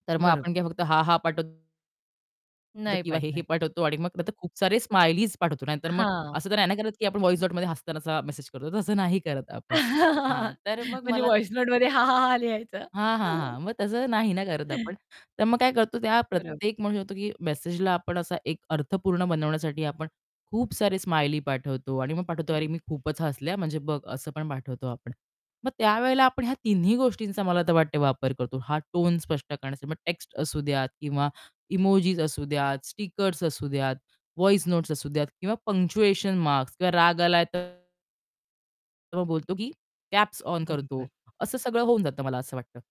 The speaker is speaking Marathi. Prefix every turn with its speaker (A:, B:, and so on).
A: तर मग
B: बरं.
A: आपण काय फक्त हां-हां पाठव
B: नाही
A: किंवा हे-हे
B: पाठवायचं.
A: पाठवतो आणि मग नंतर खूप सारे स्माइलीज पाठवतो नाहीतर मग
B: हां.
A: असं तर नाही ना करत की आपण व्हॉइस नोटमध्ये हसतानाचा मेसेज करतो. तसं नाही करत आपण. हां, तर मग
B: म्हणजे
A: मला
B: व्हॉइस नोटमध्ये हां-हां-हां लिहायचं.
A: हां, हां, हां. मग तसं नाही ना करत आपण. तर मग काय करतो, त्या
B: बरं.
A: प्रत्येक म्हणू शकतो, की मेसेजला आपण असा एक अर्थपूर्ण बनवण्यासाठी आपण खूप सारे स्माइली पाठवतो आणि मग पाठवतो,
B: बरं.
A: "अरे, मी खूपच हसले." म्हणजे बघ असं पण पाठवतो आपण. मग त्यावेळेला आपण ह्या तिन्ही गोष्टींचा मला तर वाटतं वापर करतो, हा टोन स्पष्ट करण्यासाठी मग टेक्स्ट असू द्यात किंवा इमोजीस असू द्यात, स्टिकर्स असू द्यात व्हॉइस नोट्स असू द्यात किंवा पंक्च्युएशन मार्क्स किंवा राग आला तर तर मग बोलतो, की कॅप्स ऑन करतो.
B: [unintelligible]
A: असं सगळं होऊन जातं मला असं वाटतं.